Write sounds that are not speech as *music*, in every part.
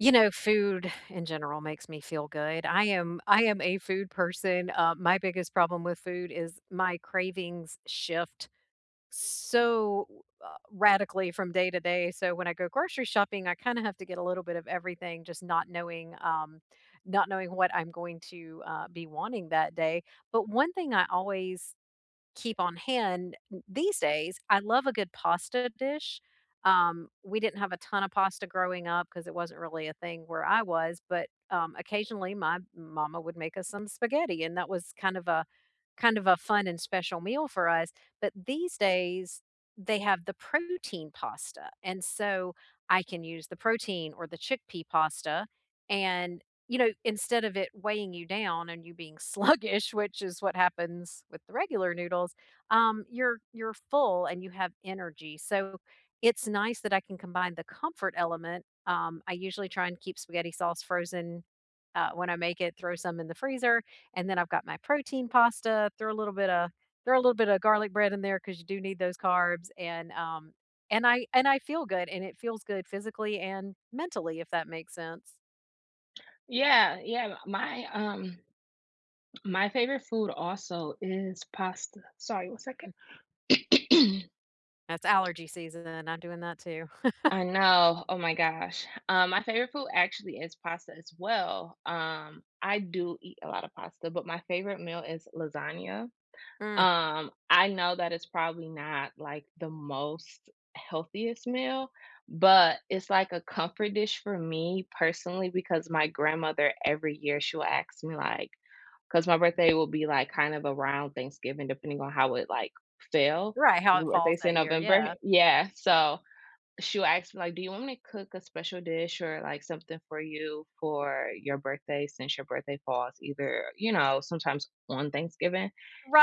You know, food in general makes me feel good. I am I am a food person, um, my biggest problem with food is my cravings shift so, uh, radically from day to day, so when I go grocery shopping, I kinda have to get a little bit of everything just not knowing um, not knowing what I'm going to, uh, be wanting that day. But one thing I always keep on hand th these days, I love a good pasta dish. Um, we didn't have a ton of pasta growing up 'cause it wasn't really a thing where I was, but, um, occasionally my mama would make us some spaghetti and that was kind of a kind of a fun and special meal for us, but these days, they have the protein pasta, and so I can use the protein or the chickpea pasta, and, you know, instead of it weighing you down and you being sluggish, which is what happens with the regular noodles, um, you're you're full and you have energy, so it's nice that I can combine the comfort element. Um, I usually try and keep spaghetti sauce frozen, uh, when I make it, throw some in the freezer, and then I've got my protein pasta, throw a little bit a throw a little bit of garlic bread in there 'cause you do need those carbs, and, um, and I and I feel good, and it feels good physically and mentally, if that makes sense. Yeah, yeah, my, um my favorite food also is pasta. Sorry, 1 second. Mm. *clears throat* That's allergy season, and I'm doing that too. I *chuckles* know, oh my gosh. Um, my favorite food actually is pasta, as well. Um, I do eat a lot of pasta, but my favorite meal is lasagna. Mm. Um, I know that it's probably not, like, the most healthiest meal, but it's, like, a comfort dish for me personally, because my grandmother, every year she will ask me, like 'cause my birthday will be, like, kind of around Thanksgiving, depending on how it, like, fell Right, how it ooh, if they falls say that year, November yeah. Yeah, so ,she will ask me, like, "Do you want me to cook a special dish or, like, something for you for your birthday since your birthday falls either, you know, sometimes on Thanksgiving?"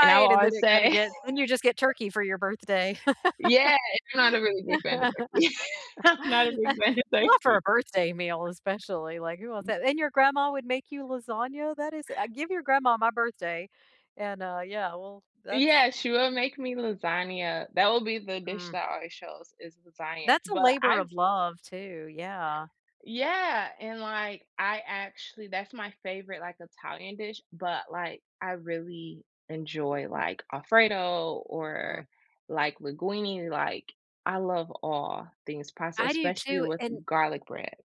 And I will and then always it kinda say get then you just get Turkey for your birthday. Yeah, it's kinda isn't a really big fan of turkey. I'm not a big *laughs* fan of Not for a turkey. birthday meal, especially, like, who wants *chuckles* that? And your grandma would make you lasagna? That is uh, give your grandma my birthday, and, uh, yeah. Well, that's Yeah, she will make me lasagna that will be the dish Mm. that already shows is lasagna, That's a but labor I of love, too, yeah. Yeah, and, like, I actually that's my favorite, like, Italian dish, but, like, I really enjoy, like, Alfredo or, Mm. like, linguine. Like, I love all things pasta, I do, especially too, with and garlic bread.